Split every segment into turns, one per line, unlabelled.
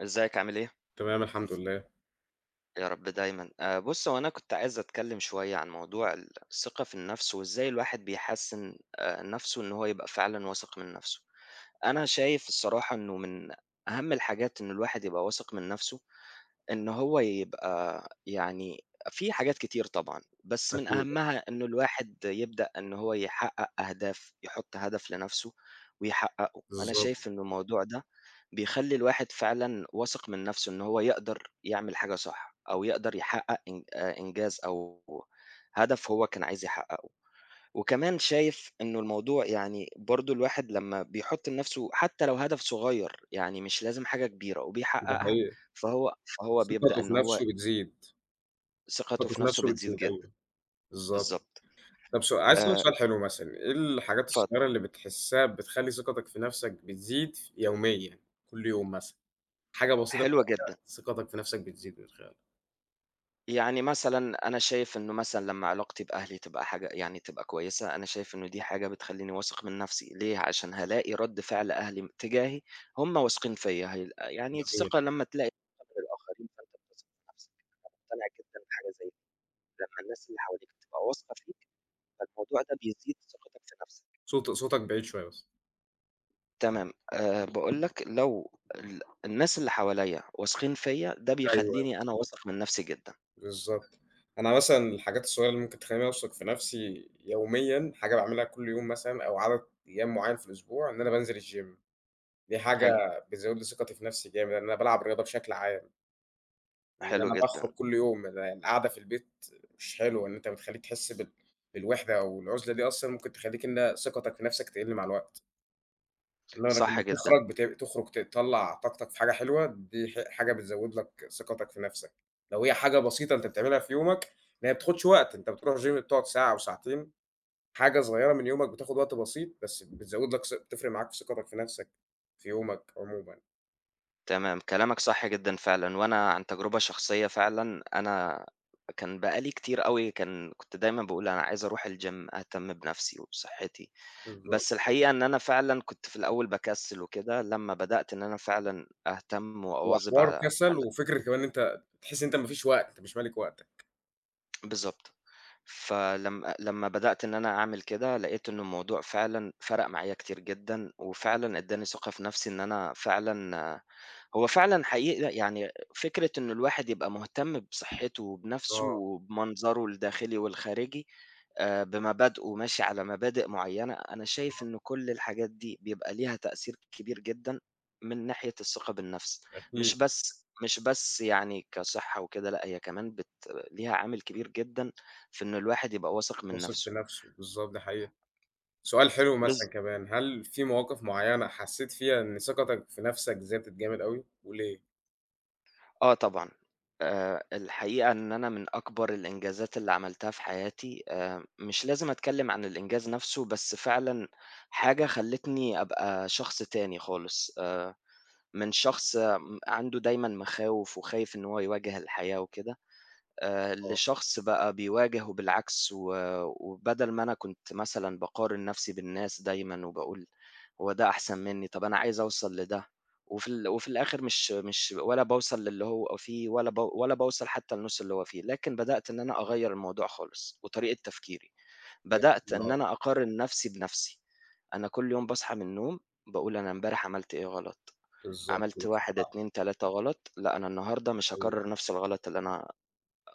إزيك عامل إيه؟
تمام الحمد لله.
يا رب دايمًا، آآ، بُص هو أنا كنت عايز أتكلم شوية عن موضوع ال الثقة في النفس وإزاي الواحد بيحسن آآ، نفسه إن هو يبقى فعلًا واثق من نفسه، أنا شايف الصراحة إنه من أهم الحاجات إنه الواحد يبقى واثق من نفسه، إنه هو يبقى يعني في حاجات كتير طبعًا، بس من
أكيد.
أهمها إنه الواحد يبدأ إنه هو يحقق أهداف يحط هدف لنفسه ويحققه، أنا
بالضبط.
شايف إنه الموضوع ده بيخلّي الواحد فعلًا واثق من نفسه إن هو يقدر يعمل حاجة صح أو يقدر يحقق إن آآ، إنجاز أو هدف هو كان عايز يحققه، وكمان شايف إنه الموضوع يعني برضه الواحد لمّا بيحط لنفسه حتى لو هدف صغير، يعني مش لازم حاجة كبيرة،
ده
وبيحققها
حقيقي.
فهو فهو بيبدأ
ثقته في
إنه هو
نفسه بتزيد.
ثقته
ثقته
في
في
نفسه
نفسه
بتزيد
بتزيد،
جدًا،
أيوه، بالضبط،
بالضبط،
طب سو عايز أسألك
آآ
سؤال حلو مثلًا إيه الحاجات
اتفضل.
الصغيرة اللي بتحسها بتخلّي ثقتك في نفسك بتزيد ف يوميًا كل يوم مثلًا، حاجة بسيطة
حلوة
بتعملها
جدًا.
ثقتك في نفسك بتزيد من خلالها؟
يعني مثلًا أنا شايف إنّه مثلًا لمّا علاقتي بأهلي تبقى حاجة يعني تبقى كويسة، أنا شايف إنّه دي حاجة بتخلّيني واثق من نفسي، ليه؟ علشان هالاقي رد فعل أهلي اتجاهي هُم واثقين فيّا، هيل يعني
جميل.
الثقة لمّا تلاقي من قبل الآخرين فأنت هتثق في نفسك، أنا مقتنع جدًا بحاجة زي لمّا الناس اللي حواليك بتبقى واثقة فيك فالموضوع ده بيزيد ثقتَك في نفسَك.
صوت صوتَك بعيد شوية بس.
تمام، آآ، باقول لَك لو ال الناس اللي حواليا واثقين فيّا ده
أيوه، أيوه.
بيخلّيني أنا واثق من نفسي جدًا.
بالضبط، أنا مثلًا الحاجات الصغيرة اللي ممكن تخلّيني أوثق في نفسي يوميًا، حاجة باعملها كل يوم مثلًا أو عدد أيام معيّن في الأسبوع، إن أنا بانزل الgym دي حاجة
حلو.
بتزود لي ثقتي في نفسي جامد أنا بالعب رياضة بشكل عام. إن
حلو
أنا
جدًا.
باخرج كل يوم القاعدة في البيت مش حلوة، إن أنت بتخلّيك تحس بال بالوحدة أو العزلة دي أصلًا ممكن تخلّيك إن ثقتك في نفسك تقل مع الوقت. لا
صح
لمّا
جدًا
بتخرج بت تخرج تطلّع طاقتَك في حاجة حلوة دي ح حاجة بتزود لَك ثقتَك في نفسَك، لو هي حاجة بسيطة أنت بتعملها في يومَك إن هي بتاخدش وقت أنت بتروح gym بتقعد ساعة أو ساعتين حاجة صغيرة من يومك بتاخد وقت بسيط بس بتزود لَك س بتفرق معاك ثقتَك في نفسَك في يومَك عمومًا.
تمام كلامك صح جدًا فعلًا وأنا عن تجربة شخصية فعلًا أنا كان بقى لي كتير أوي كان كنت دايمًا باقول أنا عايز أروح الgym أهتم بنَفْسي وبصحّتي،
بالضبط.
بس الحقيقة إن أنا فعلًا كنت في الأول باكسّل وكده، لمّا بدأت إن أنا فعلًا أهتم
هو
وأواظب ع
حوار كسّل
على
وفكرة كمان إن أنت بتحسّ إن أنت ما فيش وقت مش مالك وقتك.
بالضبط فلم آآ لمّا بدأت إن أنا أعمل كده لقيت إنه الموضوع فعلًا فرَق معايا كتير جدًا، وفعلًا ادّاني ثقة في نَفْسي، إن أنا فعلًا آآ هو فعلًا حقيقي ي يعني فكرة إنه الواحد يبقى مهتم بصحته وبنَفْسه
آه.
وبمنظره الداخلي والخارجي، آآ بمبادئه ماشي على مبادئ معيّنة أنا
بالضبط.
شايف إنه كل الحاجات دي بيبقى ليها تأثير كبير جدًا من ناحية الثقة بالنَفْس، مش
أكيد.
بس مش بس يعني كصحة وكده لأ، هي كمان بت ليها عامل كبير جدًا في إنه الواحد يبقى واثق من
واثق في
نَفْسه.
نَفْسه بالضب ده حقيقي سؤال حلو
بالظ
مثلًا كمان هل في مواقف معيّنة حسّيت فيها إن ثقتك في نَفْسك زادت جامد أوي وليه؟
آه طبعًا، آآ، الحقيقة إن أنا من أكبر الإنجازات اللي عملتها في حياتي آآ، مش لازم أتكلّم عن الإنجاز نَفْسه بس فعلًا، حاجة خلتني أبقى شخص تاني خالص آآ، من شخص م عنده دايمًا مخاوف وخايف إن هو يواجه الحياة وكده، آآ،
آه.
لشخص بقى بيواجهه وبالعكس و آآ، وبدل ما أنا كُنت مثلًا باقارن نَفْسي بالناس دايمًا وباقول، هو ده أحسن مِنّي طَب أنا عايز أوصل لده، وفي ال وفي الآخر مش مش ولا باوصل للي هو فيه ولا ولا باوصل حتّى لنص اللي هو فيه لكن بدأت إن أنا أغيّر الموضوع خالص، وطريقة تفكيري، بدأت
[unintelligible]
إن
آه.
أنا أقارن نَفْسي بنَفْسي، أنا كل يوم باصحى من النوم، باقول أنا إمبارح عملت إيه غلط،
بالضبط
عملت
مش
واحد،
صعب.
اتنين، تلاتة غلط لأ أنا النهارده
ده
مش
حقيقي.
هاقرر نَفْس الغلط اللي أنا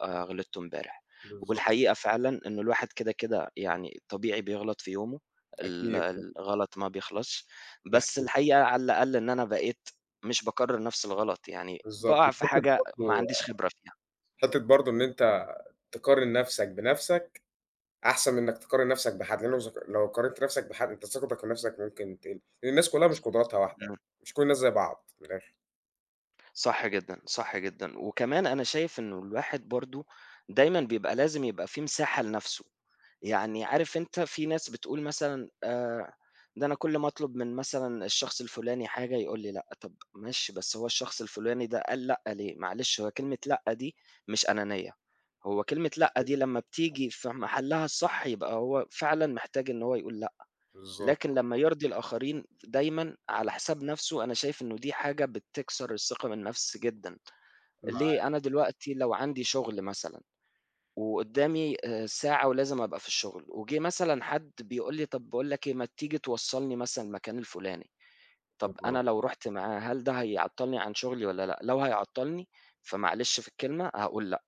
آآ، غلطته إمبارح،
بالضبط.
والحقيقة فعلًا إنّه الواحد كده كده يعني طبيعي بيغلط في يومه، ال
أكيد طبعًا.
الغلط ما بيخلصش، بس
بحدود.
الحقيقة على الأقل إن أنا بقيت مش باكرر نَفْس الغلط، يعني
بالضبط
باقع في
حتة
حاجة ما
برضو
عنديش خبرة فيها.
حتّة برضو إن أنت تقارن نفسك بنَفْسك، أحسن منك تقارن نَفْسك بحد، لأنه لو زك لو قارنت نَفْسك بحد أنت ثقتك في نَفْسك ممكن تقل، الناس كلها مش قدراتها واحدة،
امم.
مش كل الناس زي بعض، من الآخر.
صح جدًا، صح جدًا، وكمان أنا شايف إنه الواحد برضه دايمًا بيبقى لازم يبقى في مساحة لنفْسه، يعني عارف أنت في ناس بتقول مثلًا آآ ده أنا كلّ ما أطلب من مثلًا الشخص الفلاني حاجة يقول لي لأ، طب ماشي بس هو الشخص الفلاني ده قال لأ ليه، معلش هو كلمة لأ دي مش أنانية، هو كلمة لأ دي لمّا بتيجي في محلّها الصح يبقى هو فعلًا محتاج إن هو يقول لأ،
بالضبط.
لكن لمّا يرضي الآخرين دايمًا على حساب نفْسه أنا شايف إنه دي حاجة بتكسر الثقة بالنفس جدًا،
معاه.
ليه، أنا دلوقتي لو عندي شغل مثلًا وقدّامي آآ ساعة ولازم أبقى في الشغل، وجه مثلًا حد بيقول لي طب باقول لك إيه ما تيجي توصّلني مثلًا المكان الفلاني، طب أنا
[unintelligible]
لو رُحت معاه هل ده هيعطّلني عن شغلي والّا لأ؟ لو هيعطّلني فمعلش في الكلمة هاقول لأ،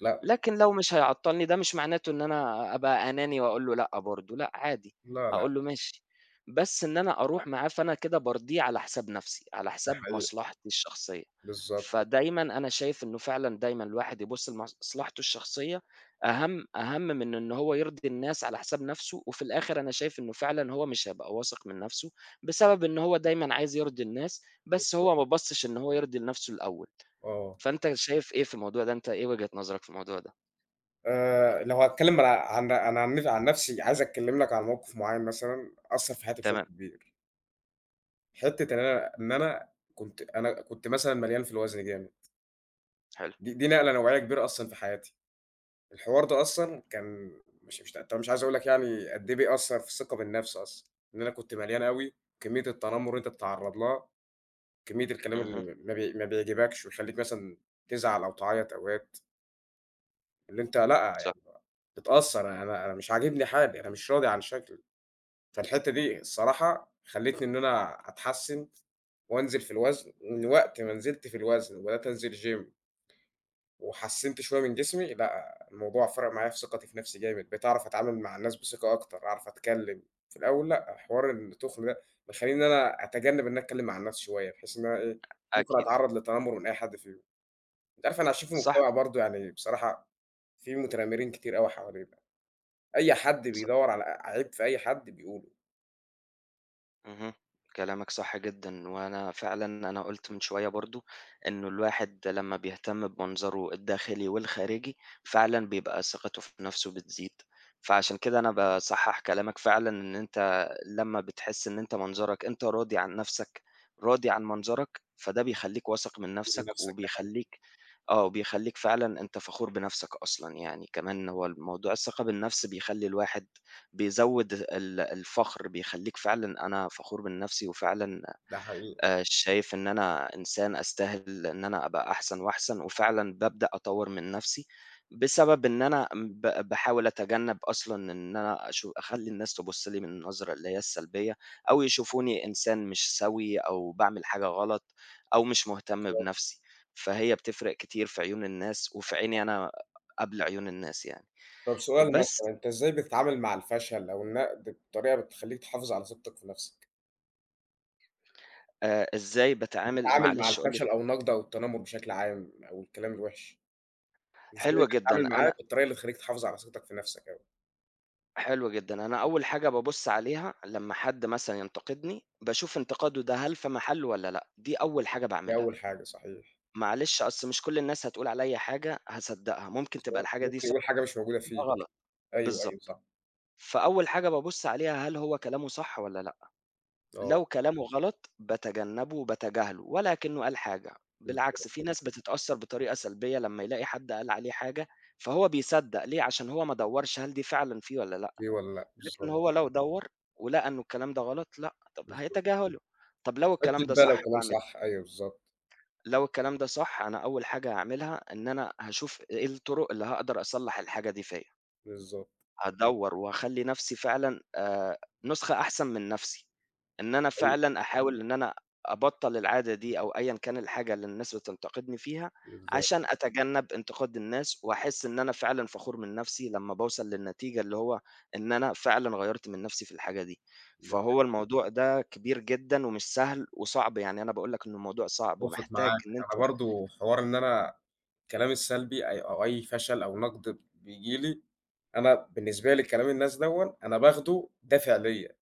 لأ.
لكن لو مش هيعطّلني ده مش معناته إن أنا أبقى أناني وأقول له لأ برضه، لأ عادي
لا، لا.
هاقول له ماشي، بس إن أنا أروح معاه فأنا كده بارضيه على حساب نفْسي، على
ده
حساب
حقيقي.
مصلحتي الشخصية،
بالضبط.
فدايمًا أنا شايف إنه فعلًا دايمًا الواحد يبُصّ لمصلحته الشخصية أهم أهم من إن هو يرضي الناس على حساب نفْسه وفي الآخر أنا شايف إنه فعلًا هو مش هيبقى واثق من نفْسه، بسبب إن هو دايمًا عايز يرضي الناس بس
بالضبط.
هو ما بَصّش إن هو يرضي لنفْسه الأول،
آه.
فأنت شايف إيه في الموضوع ده؟ أنت إيه وجهة نظرك في الموضوع ده؟
آآ لو هاتكلّم ما لا عن عن عن نف عن نَفْسي، عايز أتكلّم لك عن موقِف معيّن مثلًا أثّر في حياتي بشكل
تمام.
كبير حِتّة إن أنا إن أنا كنت أنا كنت مثلًا مليان في الوزن جامد
حلو.
دي دي نقلة نوعية كبيرة أصلًا في حياتي، الحوار ده أصلًا كان مش مش ط طَب مش عايز أقول لك يعني قد إيه بيأثّر في الثقة بالنَفْس أصلًا، إن أنا كنت مليان أوي، كمّية التنمر اللي أنت بتتعرّض لها، كمّية الكلام
اهم.
اللي ما بي ما بيعجِبكش ويخلّيك مثلًا تزعَل أو تعيّط أوقات اللي أنت لأ،
ص
يعني بقى متأثّر أنا أنا مش عاجبني حالي، أنا مش راضي عن شكْلي، فالحِتّة دي الصراحة خلِّتني إن أنا أتحسّن وأنزِل في الوزن، من وقت ما نزِلت في الوزن وبدأت أنزِل gym وحسّنت شوية من جسمي لأ، الموضوع فرَق معايا في ثقتي في نَفْسي جامد، بقيت أعرَف أتعامل مع الناس بثقة أكتر، أعرف أتكلّم، في الأول لأ، حوار التُّخن ده مخلّيني إن أنا أتجنّب إن أنا أتكلّم مع الناس شوية بحيث إن أنا إيه، ممكن
أكيد.
أتعرّض للتتنمّر من أي حَد فيهم، أنت عارف إحنا عايشين في
صح.
مجتمَع برضه يعني بصراحة فيه متنمّرين كتير أوي حوالينا، أي حد
ص
بيدوّر على عيب في أي حَد بيقوله.
اهم، كلامك صح جدًا وأنا فعلًا أنا قُلت من شوية برضه إنه الواحد لمّا بيهتم بمنظره الداخلي والخارجي فعلًا بيبقى ثقته في نفْسه بتزيد، فعشان كده أنا باصحّح كلامك فعلًا إن أنت لمّا بتحس إن أنت منظرك أنت راضي عن نفْسك راضي عن منظرك فده بيخلّيك واثق من
قول
نفْسك،
لنفسك ده حقيقي.
وبيخلّيك آه وبيخلّيك فعلًا أنت فخور بنفْسك أصلًا يعني، كمان هو ال موضوع الثقة بالنفْس بيخلّي الواحد بيزوّد ال الفخر بيخلّيك فعلًا أنا فخور بنفْسي، وفعلًا
ده حقيقي.
آآ شايف إن أنا إنسان أستاهل إن أنا أبقى أحسن وأحسن، وفعلًا بابدأ أطوّر من نفْسي، بسبب إن أنا ب باحاول أتجنّب أصلًا إن أنا أشو أخلّي الناس تبُصّ لي من النظرة اللي هي السلبية، أو يشوفوني إنسان مش سوي أو باعمل حاجة غلط، أو مش مهتم
بالضبط.
بنفْسي فهي بتفرِق كتير في عيون الناس، وفي عيني أنا قبل عيون الناس يعني
طب سؤال
بس
مثلًا، أنت إزاي بتتعامل مع الفشل أو النقد بطريقة بتخلّيك تحافظ على ثقتك في نفسك؟
آآ إزاي باتعامل
بتتعامل مع
معلش قُل لي
الفشل أو النقد أو التنمر بشكل عام، أو الكلام الوحِش، إزاي
حلو جدًا
بتتعامل
أنا
معاه بالطريقة اللي تخلّيك تحافظ على ثقتك في نفْسك يعني؟
حلو جدًا، أنا أول حاجة بابُصّ عليها لمّا حد مثلًا ينتقدني، باشوف انتقاده ده هل في محلّه والّا لأ، دي أول حاجة
دي
باعملها.
أول حاجة صحيح.
معلش أصل مش كلّ الناس هتقول عليَّ حاجة هاصدّقها، ممكن تبقى
بالضبط
الحاجة دي
ممكن
صح
يقول حاجة مش موجودة
وممكن تبقى
فيك،
غلط
أيوه، أيوه
بالضبط،
صح.
فأول حاجة بابُصّ عليها هل هو كلامه صح والّا لأ،
آه.
لو كلامه غلط باتجنبه وباتجاهله ولا أكنه قال حاجة،
بالضبط.
بالعكس في ناس بتتأثّر بطريقة سلبية لمّا يلاقي حد قال عليه حاجة، فهو بيصدّق، ليه، عشان هو ما دوّرش هل دي فعلًا فيه والّا لأ،
في والّا لأ،
لكن
بالضبط.
هو لو دوّر ولقى إنه الكلام ده غلط لأ طب
بالضبط.
هيتجاهله، طب لو
تحط
الكلام
في
ده
بالك
صح
كمان
باعمل
صح، أيوه بالضبط.
لو الكلام ده صح أنا أول حاجة هاعملها، إن أنا هاشوف إيه الطرق اللي هاقدر أصلح الحاجة دي فيّا.
بالضبط.
هادوّر وهاخلّي نفْسي فعلًا آآ نسخة أحسن من نفْسي، إن أنا
حقيقي.
فعلًا أحاول إن أنا أبطّل العادة دي أو أيًا كان الحاجة اللي الناس بتنتقدني فيها،
بالضبط.
عشان أتجنب انتقاد الناس وأحس إن أنا فعلًا فخور من نفْسي لمّا باوصل للنتيجة اللي هو إن أنا فعلًا غيّرت من نفْسي في الحاجة دي،
لأ
فهو الموضوع ده كبير جدًا ومش سهل وصعب، يعني أنا باقول لك إنه الموضوع صعب
أتفق
ومحتاج
معاك،
إن
أنا
أنت
برضه حوار إن أنا الكلام السلبي أي أو أي فشل أو نقد بييجي لي، أنا بالنسبة لي كلام الناس دوًا أنا باخده دافع ليّا.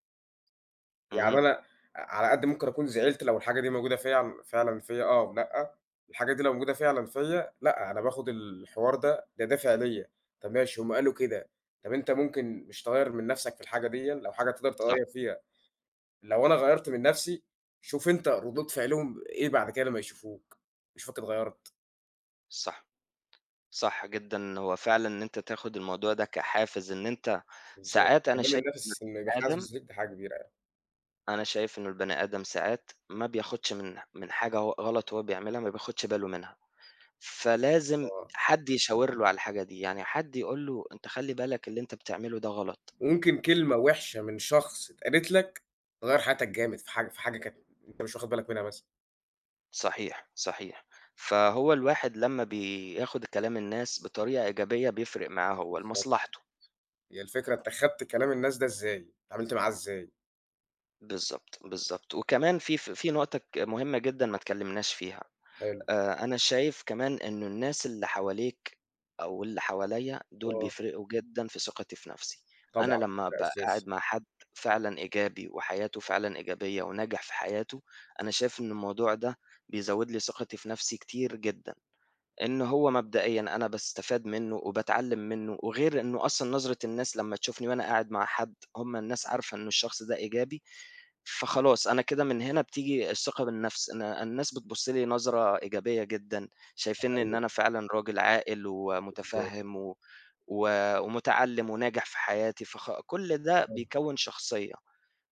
يعني
اهم.
أنا، ع على قد ممكن أكون زعِلت لو الحاجة دي موجودة في فعلًا فيَّ آه، أو لأ، الحاجة دي لو موجودة فعلًا فيَّ، لأ، أنا باخد الحوار ده ده دافِع ليَّ، طَب ماشي هُم قالوا كده، طَب أنت ممكن مش تغيّر من نَفْسك في الحاجة ديًا، لو حاجة تقدَر
صح.
تغيّر فيها، لو أنا غيّرت من نَفْسي، شوف أنت ردود فِعلهم إيه بَعد كده لمّا يشوفوك، يشوفك اتغيّرت.
صح، صح جدًا، هو فعلًا إن أنت تاخد الموضوع ده كحافز إن أنت،
بالضبط
ساعات أنا
كمان
شايف، إنه
النَفْس اللي
البني آدم
حاسس بيه دي حاجة كبيرة يع
أنا شايف إنّه البني آدم ساعات ما بياخدش من من حاجة هو غلَط وهو بيعملها، ما بياخدش باله منها، فلازم
آه.
حد يشاور له على الحاجة دي، يعني حد يقول له "أنت خلّي بالك، اللي أنت بتعمله ده غلَط."
وممكن كلمة وِحشة من شخص اتقالت لك، تغيّر حياتك جامد في حاجة في حاجة كانت، أنت مش واخد بالك منها مثلًا.
صحيح، صحيح. فهو الواحد لمّا بياخد كلام الناس بطريقة إيجابية بيفرِق معاه هو
بالضبط،
لمصلحته.
هي الفكرة أنت خدت كلام الناس ده إزاي؟ اتعاملت معاه إزاي؟
بالضبط، بالضبط، وكمان في ف في نقطة ك مهمة جدًا ما اتكلّمناش فيها،
حلو.
آآ أنا شايف كمان إنه الناس اللي حواليك أو اللي حواليّا دُول
آه.
بيفرقوا جدًا في ثقتي في نفْسي، أنا
طبعًا،
لمّا
ده
أبقى
أساسي.
قاعد مع حد فعلًا إيجابي وحياته فعلًا إيجابية وناجح في حياته، أنا شايف إن الموضوع ده بيزوّد لي ثقتي في نفْسي كتير جدًا، إن هو مبدئيًا أنا باستفاد منه وباتعلّم منه وغير إنه أصلًا نظرة الناس لمّا تشوفني وأنا قاعد مع حد هُم الناس عارفة إنه الشخص ده إيجابي، فخلاص أنا كده من هنا بتيجي الثقة بالنفْس إن الناس بتبُصّ لي نظرة إيجابية جدًا، شايفينني إن
أيوه.
أنا فعلًا راجل عاقل
بالضبط.
ومتفهم و و ومتعلّم وناجح في حياتي فخ كلّ ده
بالضبط.
بيكوّن شخصية،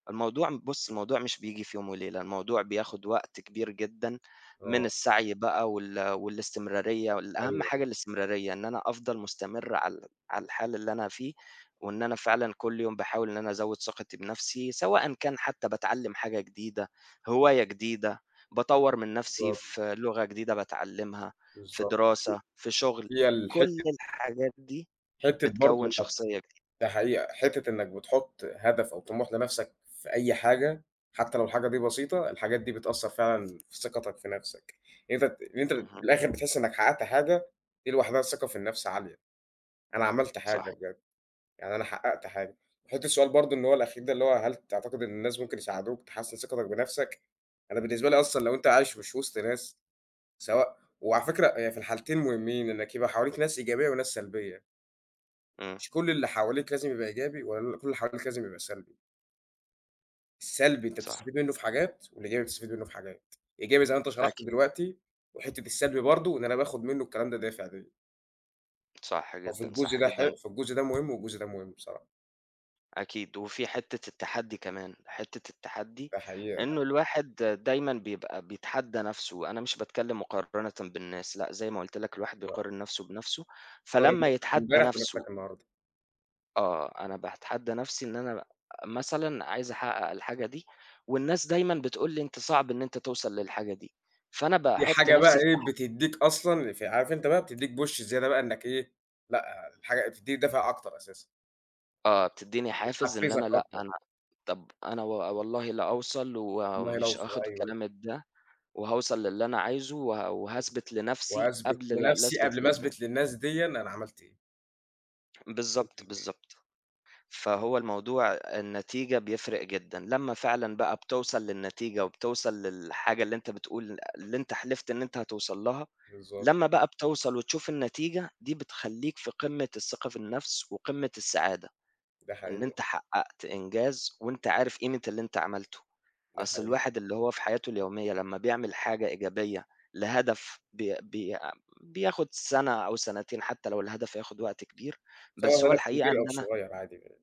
الموضوع م بُصّ الموضوع مش بييجي في يوم وليلة، الموضوع بياخد وقت كبير جدًا من
آه.
السعي بقى وال والاستمرارية و الأهم
أيوه، أيوه.
حاجة الاستمرارية، إن أنا أفضل مستمر على ال على الحال اللي أنا فيه، وإن أنا فعلًا كلّ يوم باحاول إن أنا أزوّد ثقتي بنفْسي، سواءً كان حتّى باتعلّم حاجة جديدة هواية جديدة باطوّر من نفْسي
بالضبط.
في لغة جديدة باتعلّمها، في
بالضبط،
دراسة في شغل،
هي
كلّ
الحتّة
الحاجات دي
حتّة برضه
بتكوّن
إنك
شخصية جديدة.
ده حقيقة، حتّة إنك بتحط هدف أو طموح لنفْسك في أي حاجة حتّى لو الحاجة دي بسيطة، الحاجات دي بتأثّر فعلًا في ثقتك في نفْسك، أنت ت إن أنت من
اهم.
الآخر بتحس إنك حققت حاجة، دي لوحدها الثقة في النفْس عالية، أنا عملت حاجة
صحي
بجد، يعني أنا حققت حاجة، حُط السؤال برضه إن هو الأخير ده اللي هو هل تعتقد إن الناس ممكن يساعدوك تحسن ثقتك بنفْسك؟ أنا بالنسبة لي أصلًا لو أنت عايش مش وسط ناس، سواء وعلى فكرة يعني في الحالتين مهمين إنك يبقى حواليك ناس إيجابية وناس سلبية.
امم.
مش كل اللي حواليك لازم يبقى إيجابي ولا كل اللي حواليك لازم يبقى سلبي. السلبي أنت
صح.
بتستفيد منُّه في حاجات، والإيجابي بتستفيد منُّه في حاجات. إيجابي زي ما أنت شرَحت
أكيد.
دلوقتي، وحِتّة السلبي برضه إن أنا باخد منّه الكلام ده دافِع ليَّ.
صح
هو في
جدًا،
الجزء
صح
ده ح
جدًا.
في الجزء ده مهم والجزء ده مهم بصراحة.
أكيد، وفي حِتّة التحدّي كمان، حِتّة التحدّي،
ده حقيقة، لأ.
إنّه الواحد دايمًا بيبقى بيتحدّى نَفْسه، أنا مش باتكلّم مقارنةً بالناس، لأ زي ما قُلت لك الواحد
لأ.
بيقارن نَفْسه بنَفْسه،
هتقارِن
فلمّا
نَفْسك
يتحدّى
إمبارح
نَفْسه
بنَفْسك النهارده.
آه، أنا باتحدّى نَفْسي إن أنا مثلًا عايز أحقّق الحاجة دي، والناس دايمًا بتقول لي: "أنت صعب إن أنت توصل للحاجة دي." فأنا
دي
باحُط
حاجة بقى
نَفْسي في
إيه
مح
بتدّيك أصلًا، ف عارف أنت بقى بتدّيك push زيادة بقى إنّك إيه، لأ، الحاجة بتدّيك دافع أكتر أساسًا.
آه، بتدّيني حافز إن أنا
بتحفّزك
لأ،
أكتر.
أنا طَب أنا و والله لأوصل
والله
ومش
لو صو
آخد
أيوه.
كلامك ده، وهاوصل للي أنا عايزه وه وهاثبت لنَفْسي،
وهاثبِت
قبل ل
لنَفْسي
لأثبت
قبْل ما
للناس.
أثبِت للناس ديًا أنا عملت إيه. بالضبط،
بالضبط،
بالضبط.
بالضبط. فهو الموضوع أ النتيجة بيفرِق جدًا لمّا فعلًا بقى بتوصل للنتيجة وبتوصل للحاجة اللي أنت بتقول اللي أنت حلِفت إن أنت هتوصَل لها،
بالضبط.
لمّا بقى بتوصَل وتشوف النتيجة، دي بتخلّيك في قِمّة الثقة في النَفْس وقِمّة السعادة،
ده
إن
حقيقة.
أنت حقّقت إنجاز وأنت عارف قيمة اللي أنت عملته.
ده
أصل
حقيقي.
الواحد اللي هو في حياته اليومية لمّا بيعمل حاجة إيجابية، لهدف بي بي بياخد سَنة أو سَنتين حتى لو الهدف هياخد
بالضبط،
وقت كبير،
سواء
بس هو
هدف
الحقيقة
كبير
إن
أو
أنا
صغير عادي جدًا.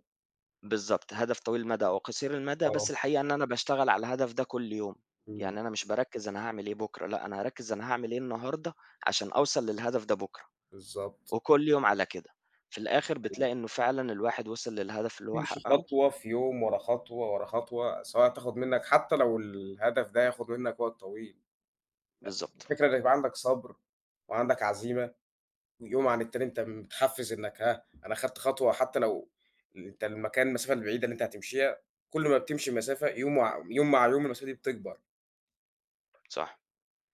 بالضبط، هدف طويل المدى أو قصير المدى، بس
آه.
الحقيقة إن أنا باشتغل على الهدف ده كُلَّ يوم.
إمم.
يعني، أنا مش بارَكِّز أنا هاعمل إيه بكرة؟ لأ، أنا هارَكِّز أنا هاعمل إيه النهارده، عشان أوصَل للهدف ده بكرة.
بالضبط.
وكُلَّ يوم على كده، في الآخر،
أيوه.
بتلاقي إنه فعلًا الواحد وِصل للهدف اللي هو
يمشِي
حقَّقه.
خطوة في يوم، ورا خطوة، ورا خطوة، سواء هتاخد منك حتى لو الهدف ده هياخد منك وقت طويل. أ
بالضبط.
الفكرة إن يبقى عندك صبر وعندك عزيمة، ويوم عن التاني أنت متحفِّز، إنك ها، أنا خدت خطوة، حتى لو ال أنت المكان المسافة البعيدة اللي أنت هتمشِيها، كل ما بتمشِي مسافة يوم، وع يوم مع يوم، المسافة دي بتكبَر.
صح،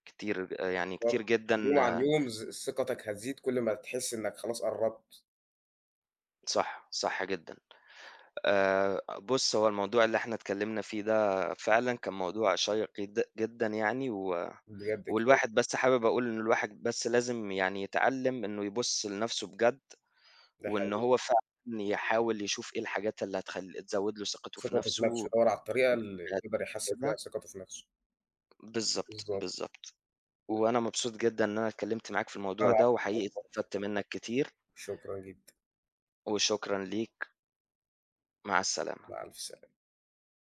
كتير آآ يعني كتير
بالضبط.
جدًا
يوم عن يوم ز ثقتك هتزيد كُلّ ما تحس إنك خلاص قرّبت.
صح، صح جدًا. آآ، بُص، هو الموضوع اللي إحنا اتكلَّمنا فيه ده، فعلًا كان موضوع شيِّق جد جدًا يعني، و
بجد كوي
والواحد بس حابب أقول إن الواحد بس لازم يعني، يتعلَّم إنه يبُص لنَفْسه بجد،
ده
وإن
حقيقي.
هو فعلًا يحاول يشوف إيه الحاجات اللي هتخلِّ تزود له ثقته في
ثقته في
نَفْسه.
نَفْسه،
والحاجات
دوّر على الطريقة اللي يقِدر يحسّن بيها
كده
ثقته في نَفْسه.
بالضبط،
بالضبط.
بالضبط، وأنا مبسوط جدًا إن أنا اتكلمت معاك في
لأ،
الموضوع ده، وحقيقي
العفو. [unintelligible]
استفدت منك كتير.
شكرًا جدًا.
وشكرًا ليك. مع السلامة.
مع ألف سلامة.